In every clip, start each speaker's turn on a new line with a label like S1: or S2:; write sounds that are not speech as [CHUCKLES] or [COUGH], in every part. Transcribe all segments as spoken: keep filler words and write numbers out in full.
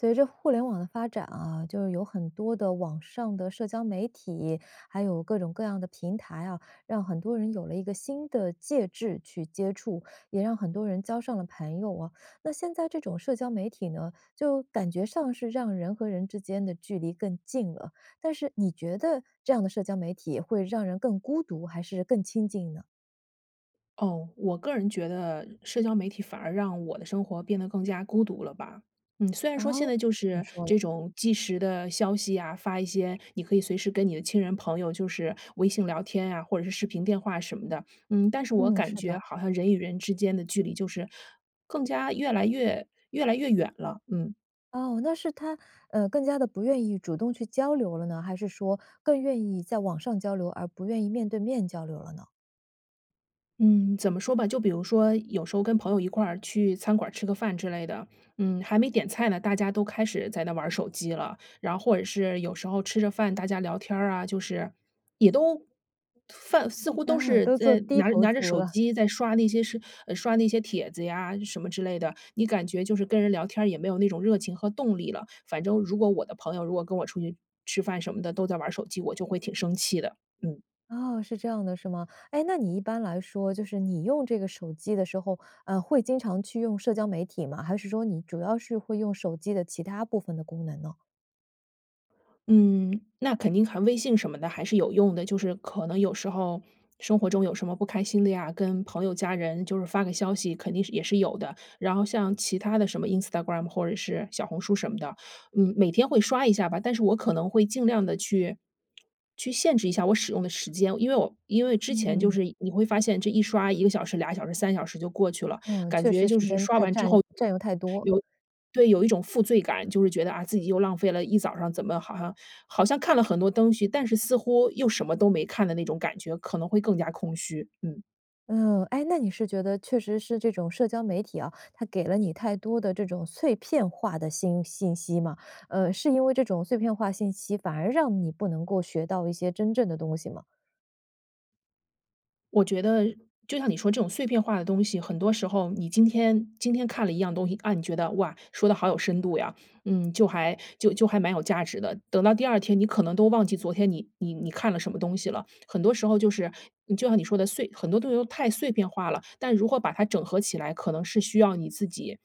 S1: 随着互联网的发展啊，就是有很多的网上的社交媒体，还有各种各样的平台啊，让很多人有了一个新的介质去接触，也让很多人交上了朋友啊。那现在这种社交媒体呢，就感觉上是让人和人之间的距离更近了。但是你觉得这样的社交媒体会让人更孤独，还是更亲近呢？
S2: 哦，我个人觉得社交媒体，反而让我的生活变得更加孤独了吧。嗯，虽然说现
S1: 哦，
S2: 在就
S1: 怎么
S2: 是
S1: 说呢？
S2: 这种既时的消息啊，发一些你可以随时跟你的亲人朋友就是微信聊天啊，或者是视频电话什么的，嗯，但是我
S1: 嗯，
S2: 感
S1: 是的。
S2: 觉好像人与人之间的距离就是更加越来越越来越远了，嗯。
S1: 哦，那是它呃，更加地不愿意主动去交流了呢？还是说，更愿意在网上交流而不愿意面对面交流了呢？
S2: 嗯，怎么说吧，就比如说有时候跟朋友一块儿去餐馆儿吃个饭之类的，嗯，还没点菜呢，大家都开始在那玩儿手机了。然或者是有时候吃着饭，大家聊天儿啊，就是也都饭似乎都
S1: 啊，
S2: 是
S1: 都做
S2: 在
S1: 低
S2: 拿着
S1: 头
S2: 拿着
S1: 族
S2: 手
S1: 了。
S2: 机在刷那些视呃，刷那些帖子呀，什么之类的，你感觉就是跟人聊天儿，也没有那种热情和动力了，反正如果我的朋友，如果跟我出去吃饭什么的，都在玩儿手机，我就会挺生气的，嗯。
S1: 哦，是这样的是吗？哎，那你一般来说，就是你用这个手机的时候，啊，会经常去用社交媒体吗？还是说你主要是会用手机的其他部分的功能呢？
S2: 嗯，那肯定还微信什么的还是有用的，就是可能有时候，生活中有什么不开心的呀，跟朋友家人就是发个消息，肯定是也是有的。然后像其他的什么 Instagram 或者是小红书什么的，嗯，每天会刷一下吧，但是我可能会尽量地去，去限制一下我使用的时间，因为我因为之前就
S1: 嗯。
S2: 是你会发现这一刷一个小时、俩小时、三小时就过去了，
S1: 嗯，
S2: 感
S1: 确
S2: 觉
S1: 实
S2: 就
S1: 时
S2: 是
S1: 间
S2: 刷
S1: 太
S2: 完之
S1: 占
S2: 后有
S1: 占用太多。
S2: 对，有一种负罪感，就是觉得，啊，自己又浪费了一早上，怎么好像好像看了很多灯西，但是似乎又什么都没看的那种感觉，可能会更加空虚，嗯。
S1: 嗯，哎，那你是觉得确实是这种社交媒体啊，它给了你太多的这种碎片化的心信息吗？呃，是因为这种碎片化信息，反而让你不能够学到一些真正的东西吗？
S2: 我觉得就像你说这种碎片化的东西，很多时候你今天今天看了一样东西，啊，你觉得，哇，说得好有深度呀，嗯，就还就就还蛮有价值的。等到第二天你可能都忘记昨天你你你看了什么东西了。很多时候就是就像你说的，碎很多东西都太碎片化了，但如何把它整合起来，可能是需要你自己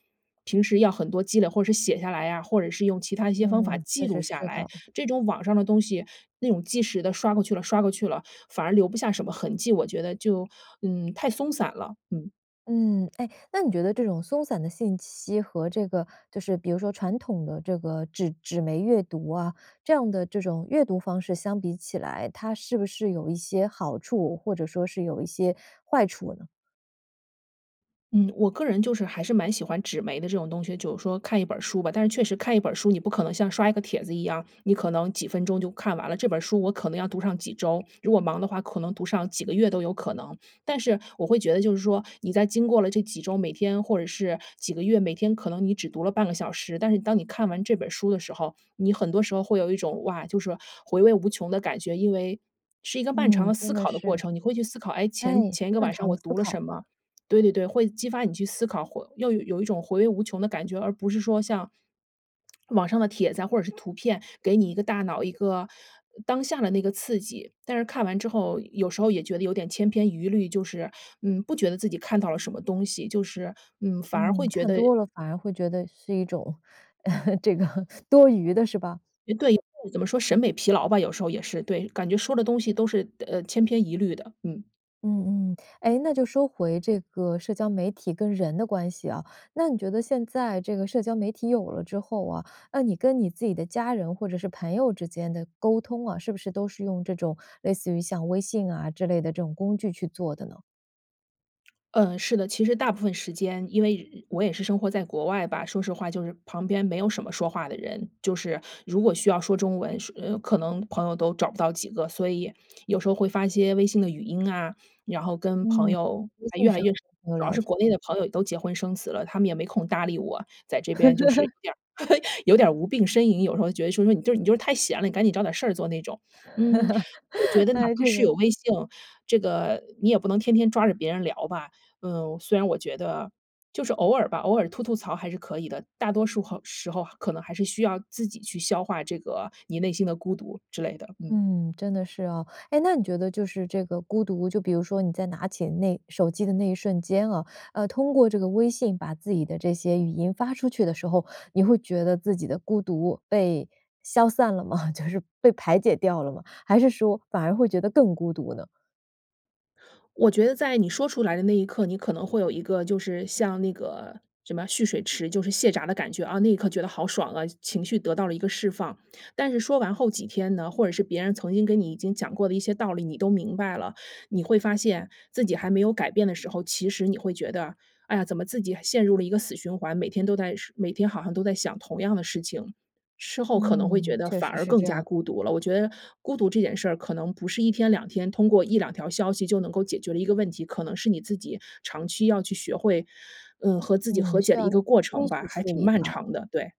S2: 平时要很多积累，或者是写下来啊，或者是用其它一些方法
S1: 嗯，确
S2: 记
S1: 实
S2: 录下
S1: 是
S2: 来。
S1: 的。
S2: 这种网上的东西那种既的刷过去了，刷过去了，反而留不下什么痕迹，我觉得就，嗯，太松散了，嗯。
S1: 嗯，哎，那你觉得这种松散的信息和这个，就是比如说传统的这个纸纸媒阅读啊，这样的这种阅读方式相比起来，它是不是有一些好处，或者说是有一些坏处呢？
S2: 嗯，我个人就是还是蛮喜欢纸媒的这种东西，就是说看一本书吧，但是确实看一本书，你不可能像刷一个帖子一样，你可能几分钟就看完了。这本书我可能要读上几周，如果忙的话，可能读上几个月都有可能。但是我会觉得就是说，你在经过了这几周，每天或者是几个月，每天可能你只读了半个小时，但是当你看完这本书的时候，你很多时候会有一种，哇，就是回味无穷的感觉。因为是一个漫长
S1: 嗯，
S2: 的
S1: 真
S2: 思
S1: 的
S2: 考的过
S1: 是。
S2: 程，你会去思考，哎，
S1: 哎，
S2: 前前一个
S1: 漫
S2: 晚上
S1: 长
S2: 我
S1: 的思
S2: 读了
S1: 考。
S2: 什么？对，对，对，会激发你去思考，会又有一种回味无穷的感觉，而不是说像，网上的帖子啊，或者是图片，给你一个大脑一个当下的那个刺激，但是看完之后，有时候也觉得有点千篇余律，就是，嗯，不觉得自己看到了什么东西，就是，嗯，反而
S1: 嗯，
S2: 会觉
S1: 看
S2: 得
S1: 多了反而会觉得是一种，[LAUGHS] 这个多余的是吧？
S2: 诶对对，怎么说审美疲劳吧，有时候也是。对，感觉说的东西都是，呃，千篇一律的，嗯。
S1: 嗯，嗯，哎，那就说回这个社交媒体跟人的关系啊，那你觉得现在这个社交媒体有了之后啊，那你跟你自己的家人或者是朋友之间的沟通啊，是不是都是用这种类似于像微信啊，之类的这种工具去做的呢？
S2: 呃，是的，其实大部分时间，因为人我也是生活在国外吧，说实话就是旁边没有什么说话的人，就是如果需要说中文，说可能朋友都找不到几个，所以有时候会发一些微信的语音啊，然后跟朋
S1: 嗯，
S2: 友
S1: 微信
S2: 越来
S1: 上
S2: 越
S1: 跟朋友
S2: 主要
S1: 聊
S2: 是
S1: 天。
S2: 国内的朋友也都结婚生子了，他们也没空搭理我。载这边就是有
S1: [CHUCKLES]
S2: 点 [LAUGHS] 有点无病呻吟，有时候觉得说，说你就是你就是太闲了，你赶紧找点儿事儿做那种。嗯，我觉
S1: [LAUGHS]
S2: 得哪
S1: 呃，
S2: 怕
S1: 这
S2: 是
S1: 个
S2: 有微性，这个你也不能天天抓着别人聊吧。呃，虽然我觉得，就是偶尔吧，偶尔吐吐槽还是可以的，大多数候时候可能还是需要自己去消化这个你内心的孤独之类的，嗯。
S1: 嗯，真的是啊，哎，那你觉得就是这个孤独，就比如说你在拿起那手机的那一瞬间啊，呃，通过这个微信把自己的这些语音发出去的时候，你会觉得自己的孤独被消散了吗？[LAUGHS] 就是被排解掉了吗？还是说反而会觉得更孤独呢？
S2: 我觉得在你说出来的那一刻，你可能会有一个，就是像那个什么蓄水池，就是泄闸的感觉。啊，那一刻觉得好爽啊，情情绪得到了一个释放。但是说完后几天呢，或者是别人曾经跟你已经讲过的一些道理，你都明白了，你会发现，自己还没有改变的时候，其实你会觉得，哎呀，怎么自己还陷入了一个死循环。每天都在事每天好像都在想同样的事情，事后可能会觉
S1: 嗯，
S2: 得
S1: 确
S2: 反
S1: 实
S2: 而
S1: 是
S2: 更
S1: 这
S2: 加
S1: 样。
S2: 孤独了。我觉得孤独这件事儿，可能不是一天两天，通过一两条消息就能够解决的一个问题。可能是你自己长期要去学会，呃，和自己
S1: 嗯，
S2: 和
S1: 需
S2: 解的一
S1: 要
S2: 个过程
S1: [UNINTELLIGIBLE]
S2: 吧，
S1: 去
S2: 还
S1: 处
S2: 挺
S1: 理
S2: 漫
S1: 呢？
S2: 长的，对。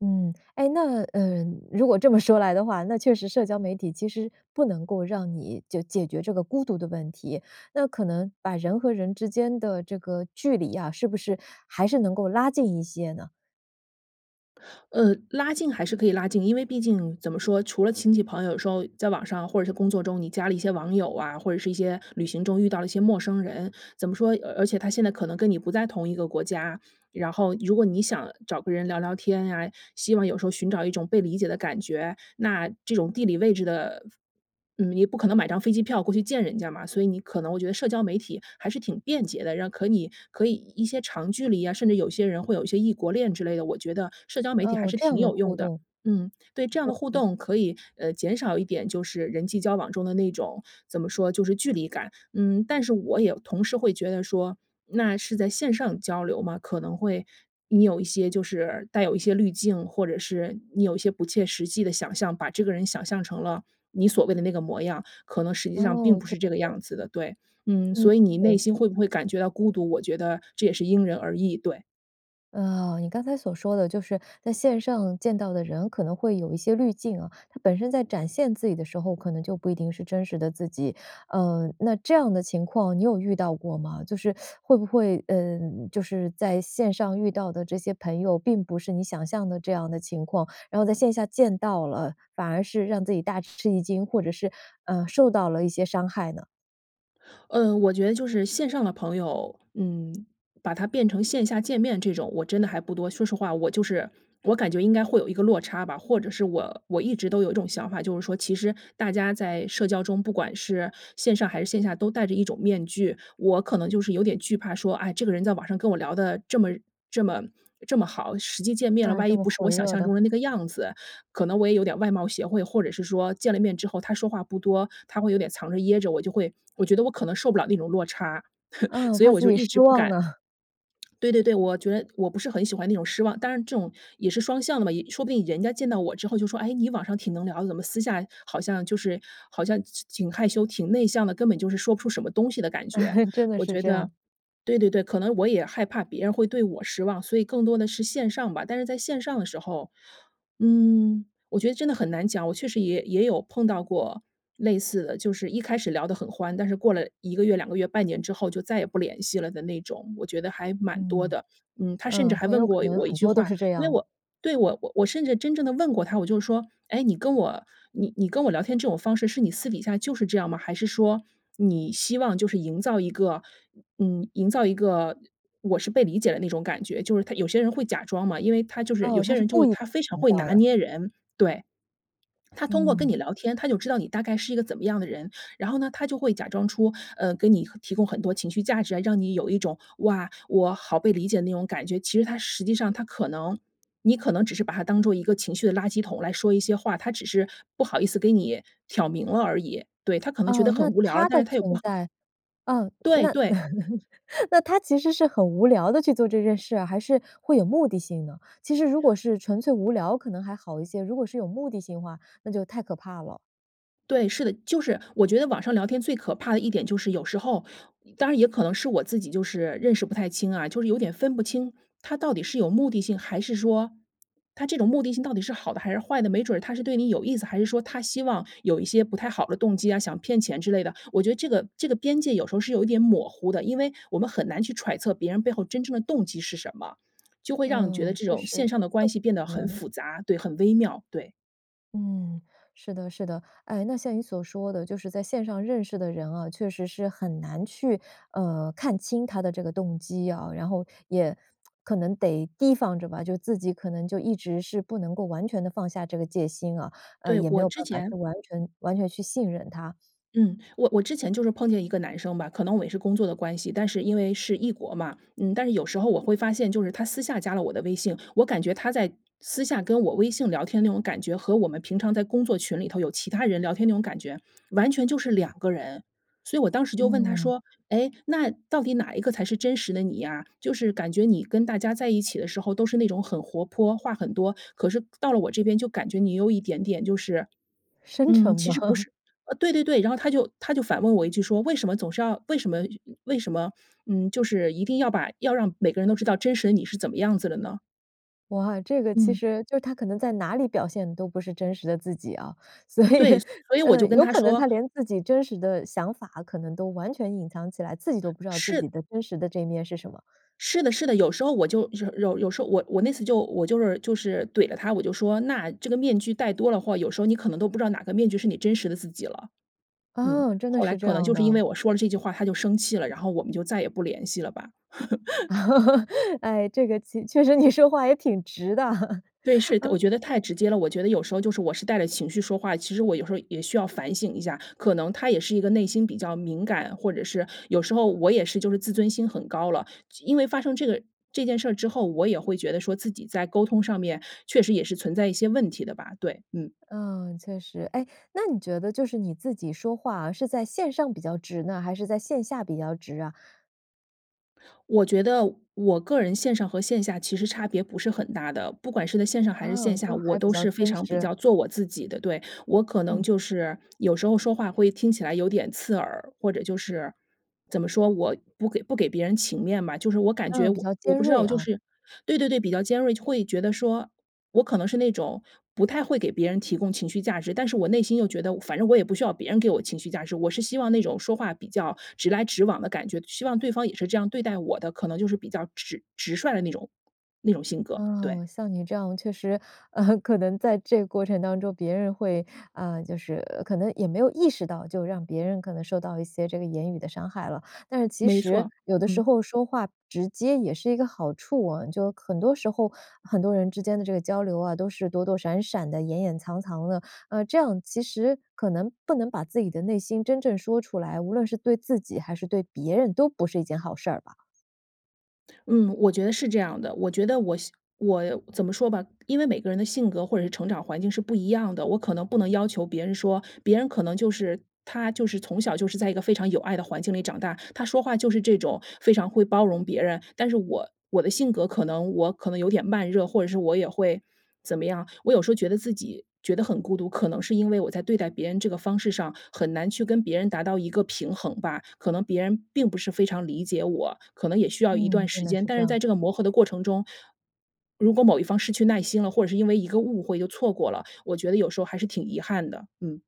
S1: 嗯，哎，那呃，如果这么说来的话，那确实社交媒体其实不能够让你就解决这个孤独的问题，那可能把人和人之间的这个距离啊，是不是还是能够拉近一些呢？
S2: 呃，拉近还是可以拉近。因为毕竟，怎么说，除了亲戚朋友有时候在网上或者是工作中，你加了一些网友啊，或者是一些旅行中遇到了一些陌生人，怎么说，而而且他现在可能跟你不在同一个国家。然后，如果你想找个人聊聊天啊，希望有时候寻找一种被理解的感觉。那这种地理位置的嗯，你不可能买张飞机票过去见人家嘛，所以你可能我觉得社交媒体还是挺便捷的。让可你可以一些长距离啊，甚至有些人会有一些异国恋之类的，我觉得社交媒体还
S1: 哦，
S2: 是
S1: 这
S2: 挺
S1: 样的
S2: 有
S1: 互
S2: 用的。
S1: 动。
S2: 嗯，对，这样的互动可以，呃，减少一点就是人际交往中的那种，怎么说，就是距离感。嗯，但是我也同时会觉得说，那是在线上交流吗，可能会你有一些就是带有一些滤镜，或者是你有一些不切实际的想象，把这个人想象成了你所谓的那个模样，可能实际上并
S1: 哦，
S2: 不
S1: 确
S2: 是这个
S1: 实。
S2: 样子的，对。嗯，
S1: 嗯，
S2: 所以你内
S1: 对。
S2: 心会不会感觉到孤独，我觉得这也是因人而异，对。
S1: 哦，你刚才所说的就是在线上见到的人，可能会有一些滤镜啊，他本身在展现自己的时候，可能就不一定是真实的自己。呃，那这样的情况你有遇到过吗？就是 [SUCKS TEETH] 会不会嗯，就是在线上遇到的这些朋友，并不是你想象的这样的情况，然后在线下见到了，反而是让自己大吃一惊，或者是，呃，受到了一些伤害呢？
S2: 嗯，我觉得就是线上的朋友，嗯，把他变成线下见面这种，我真的还不多。说实话，我就是我感觉应该会有一个落差吧，或者是我我一直都有一种想法，就是说其实大家在社交中，不管是线上还是线下，都戴着一种面具。我可能就是有点惧怕说，啊，这个人在网上跟我聊得这么这么这么好，实际见面了，
S1: 那
S2: 万
S1: 这
S2: 一
S1: 么
S2: 不是
S1: 火
S2: 我想
S1: 热
S2: 象中
S1: 的。
S2: 的那个样子，可能我也有点外貌协会。或者是说见了面之后他说话不多，他会有点藏着掖着，我就会我觉得我可能受不了那种落差，[LAUGHS]
S1: 啊，
S2: 所以
S1: 怕
S2: 我
S1: 自
S2: 就
S1: 己
S2: 一直
S1: 失
S2: 不
S1: 望
S2: 敢
S1: 呢。[LAUGHS]
S2: [SMACKS LIPS] 对对对，我觉我不是很喜欢那种失望，但是这种也是双向的嘛，也说不定人家见到我之后就说，哎，你网上挺能聊的，怎么私下好像就是，好像其挺害羞挺内向的，根本就是说不出什么东西的感觉。
S1: [LAUGHS] 真的
S2: 我
S1: 是
S2: 觉
S1: 这
S2: 得
S1: 样。
S2: 对对对，可能我也害怕别人会对我失望，所以更多的是线上吧。但是在线上的时候，嗯，我觉得真的很难讲，我确实也也有碰到过类似的，就是一开始聊得很欢，但是过了一个月、两个月、半年之后，就再也不联系了的那种，我觉得还满多
S1: 嗯，
S2: 的。嗯，他甚至
S1: 嗯，
S2: 还
S1: 朋
S2: 问
S1: 友可
S2: 过
S1: 能
S2: 我一
S1: 很
S2: 句
S1: 多都
S2: 话，
S1: 是这
S2: 因为
S1: 样。
S2: 我对，我我我甚至真正地问过他，我就说：“哎，你跟我你你跟我聊天这种方式，是你私底下就是这样吗？还是说，你希望就是营造一个，嗯，营造一个我是被理解的那种感觉？”就是他有些人会假装嘛，因为他就是
S1: 哦，
S2: 有
S1: 他
S2: 些
S1: 是
S2: 人就
S1: 故
S2: 是
S1: 意
S2: 他非常
S1: 营
S2: 会
S1: 造
S2: 拿
S1: 的。
S2: 捏人，对。他通过跟你
S1: 嗯。
S2: 聊天，他就知道你大概是一个怎么样的人，然后呢，他就会假装出，呃，给你提供很多情绪价值啊，让你有一种，哇，我好被理解的那种感觉。其实他实际上，他可能你可能只是把他当做一个情绪的垃圾桶来说一些话，他只是不好意思给你挑明了而已。对，他可能觉
S1: 哦，
S2: 得
S1: 那
S2: 很无聊了，
S1: 他
S2: 但
S1: 的
S2: 是他也不
S1: 存
S2: 好
S1: 在嗯，
S2: 对，
S1: 那
S2: 对。
S1: [LAUGHS] 那他其实是很无聊地去做这件事啊，还是会有目的性呢？其实如果是纯粹无聊，可能还好一些，如果是有目的性的话，那就太可怕了。
S2: 对，是的，就是我觉得网上聊天最可怕的一点，就是有时候当然也可能是我自己就是认识不太清啊，就是有点分不清他到底是有目的性，还是说他这种目的性到底是好的还是坏的，没准儿他是对你有意思，还是说他希望有一些不太好的动机啊，想骗钱之类的。我觉得这个这个边界有时候是有一点抹糊的，因为我们很难去揣测别人背后真正的动机是什么，[SMACKS LIPS] 就会让你觉得
S1: 嗯，
S2: 这
S1: 确
S2: 种
S1: 实，
S2: 线
S1: 都
S2: 上的关系变
S1: [UNINTELLIGIBLE]
S2: 得
S1: 可
S2: 很
S1: 能
S2: 辅杂对，很微妙，对。
S1: 嗯，是的，是的。哎，那像你所说的，就是在线上认识的人啊，确实是很难去，呃，看清他的这个动机啊，然后也 [SMACKS LIPS] 可能得提防着吧，就自己可能就一直是，不能够完全地放下这个戒心啊，呃，
S2: 对，
S1: 也没
S2: 我
S1: 有
S2: 之
S1: 办法去
S2: 前
S1: 完全完全去信任他。
S2: 嗯，我我之前就是碰见一个男生吧，可能我也是工作的关系，但是因为是异国嘛。嗯，但是有时候我会发现，就是他私下加了我的微性，我感觉他在私下跟我微性聊天那种感觉，和我们平常在工作群里头有其他人聊天那种感觉，完全就是两个人。所以我当时就问他
S1: 嗯。
S2: 说：“诶，那到底哪一个才是真实的你呀？就是感觉你跟大家在一起的时候，都是那种很活泼，话很多，可是到了我这边，就感觉你有一点点就是”
S1: 深沉
S2: 嗯，其
S1: 嘛。
S2: 实不
S1: [CHUCKLES]
S2: 是呃，对对对，然后他就他就反问我一句说：“为什么总是要为什么为什么，嗯，就是一定要把要让每个人都知道真实的你，是怎么样子的呢？”
S1: 哇，这个其
S2: 嗯。
S1: 实就他可能在哪里表现，都不是真实的自己啊，所以
S2: 对，
S1: [LAUGHS]
S2: 所以我就
S1: 呃，
S2: 跟
S1: 有
S2: 他
S1: 可能
S2: 说
S1: 他连自己真实的想法，可能都完全隐藏起来，自己都不知道自己
S2: 是
S1: 的真实的这一面是什么。
S2: 是的，是的，有时候我就有有有时候我我那次就我就是就是怼了他，我就说：“那这个面具戴多了话，有时候你可能都不知道哪个面具是你真实的自己了。”嗯，
S1: 嗯，真的
S2: 后来
S1: 是这
S2: 可能
S1: 样
S2: 就是因
S1: 的。
S2: 为我说了这句话，他就生气了，然后我们就再也不联系了吧。[LAUGHS]
S1: [LAUGHS] 哎，这个其确实你说话也挺直的，
S2: 对，是
S1: [LAUGHS]
S2: 的，我
S1: 啊。
S2: 觉得太直接了，我觉得有时候就是我是带着情绪说话，其实我有时候也需要反省一下。可能他也是一个内心比较敏感，或者是有时候我也是就是自尊心很高了，就因为发生这个这件事之后，我也会觉得说自己在沟通上面，确实也是存在一些问题的吧，对，嗯。
S1: 嗯，确实。哎，那你觉得就是你自己说话，是在线上比较直呢？还是在线下比较直啊？
S2: 我觉得我个人线上和线下其实差别不是很大的，不管是在线上还是
S1: 哦，
S2: 线下，
S1: 都
S2: 我
S1: 还比
S2: 都
S1: 较
S2: 是非
S1: 真
S2: 常比
S1: 实。
S2: 较做我自己的。对，我可能
S1: 嗯。
S2: 就是，有时候说话会听起来有点刺耳，或者就是，怎么说，我不给不给别人情面吧。就是我感觉
S1: 嗯，比
S2: 我
S1: 较
S2: 我
S1: 尖
S2: 不知
S1: 锐
S2: 道就
S1: 啊。
S2: 是对，对，对，比较尖锐，会觉得说我可能是那种，不太会给别人提供情绪价值，但是我内心又觉得，反正我也不需要别人给我情绪价值。我是希望那种说话比较直来直往的感觉，希望对方也是这样对待我的，可能就是比较直直率的那种那种性格，对。
S1: 哦，像你这样确实，[LAUGHS] 可能在这个过程当中，别人会啊，就是可能也没有意识到，就让别人可能受到一些这个言语的伤害了。但是其
S2: 没
S1: 实，
S2: 错，
S1: 有的时
S2: 嗯。
S1: 候说话直接也是一个好处哦，就很多时候，很多人之间的这个交流啊，都是躲躲闪闪的、掩掩藏藏的，呃，这样其实可能，不能把自己的内心真正说出来，无论是对自己还是对别人都不是一件好事儿吧？
S2: 嗯，我觉得是这样的。我觉得我我怎么说吧，因为每个人的性格或者是成长环境是不一样的，我可能不能要求别人说别人可能就是他就是从小就是在一个非常有爱的环境里长大，他说话就是这种非常会包容别人。但是我我的性格可能我可能有点慢热，或者是我也会怎么样，我有时候觉得自己觉得很孤独，可能是因为我在对待别人这个方式上，很难去跟别人达到一个平衡吧。可能别人并不是非常理解我，可能也需要一段
S1: 嗯，真
S2: 时
S1: 的
S2: 间，
S1: 是
S2: 但
S1: 这
S2: 是
S1: 样。
S2: 在这个磨合的过程中，如果某一方失去耐心了，或者是因为一个误会就错过了，我觉得有时候还是挺遗憾的，嗯。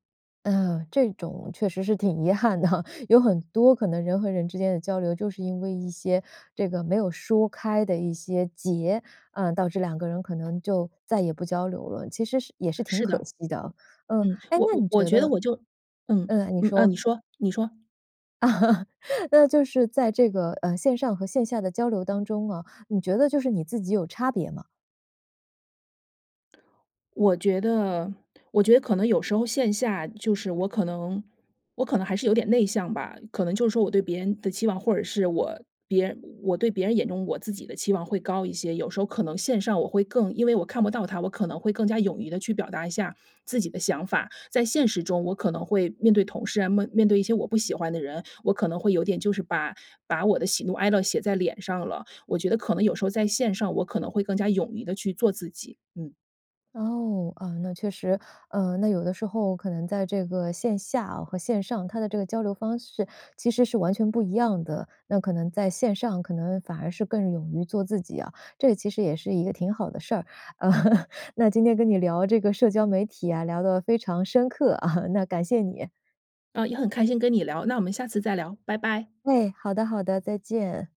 S1: 嗯，这种确实是挺遗憾的哈，有很多可能人和人之间地交流，就是因为一些，这个没有说开的一些结，啊，导致两个人可能就再也不交流了。其实是也是挺
S2: 是
S1: 可
S2: 的。
S1: 惜的。嗯，
S2: 嗯，
S1: 哎，
S2: 我
S1: 那
S2: 我
S1: 你
S2: 我
S1: 觉
S2: 觉得
S1: 得
S2: 我就嗯，
S1: 嗯，你
S2: 嗯，啊，
S1: 说。
S2: 你说，你说。
S1: [LAUGHS] 那就是在这个，呃，线上和线下的交流当中啊，你觉得就是你自己有差别吗？
S2: 我觉得我觉得可能有时候线下，就是我可能我可能还是有点内向吧。可能就是说我对别人的期望，或者是我别人我对别人眼中我自己的期望会高一些。有时候可能线上我会更因为我看不到他，我可能会更加勇于地去表达一下自己的想法。在现实中我可能会面对同事啊，面面对一些我不喜欢的人，我可能会有点就是把把我的喜怒哀乐写在脸上了。我觉得可能有时候在线上，我可能会更加勇于地去做自己，嗯。
S1: 哦，啊，那确实，呃，那有的时候可能在这个线下啊和线上，它的这个交流方式其实是完全不一样的。那可能在线上，可能反而是更勇于做自己啊，这也其实也是一个挺好的事儿，呃 [LAUGHS] 那今天跟你聊这个社交媒体啊，聊得非常深刻，啊，那感谢你。
S2: 啊，也很开心跟你聊，那我们下次再聊，拜拜。
S1: 哎，好的，好的，再见。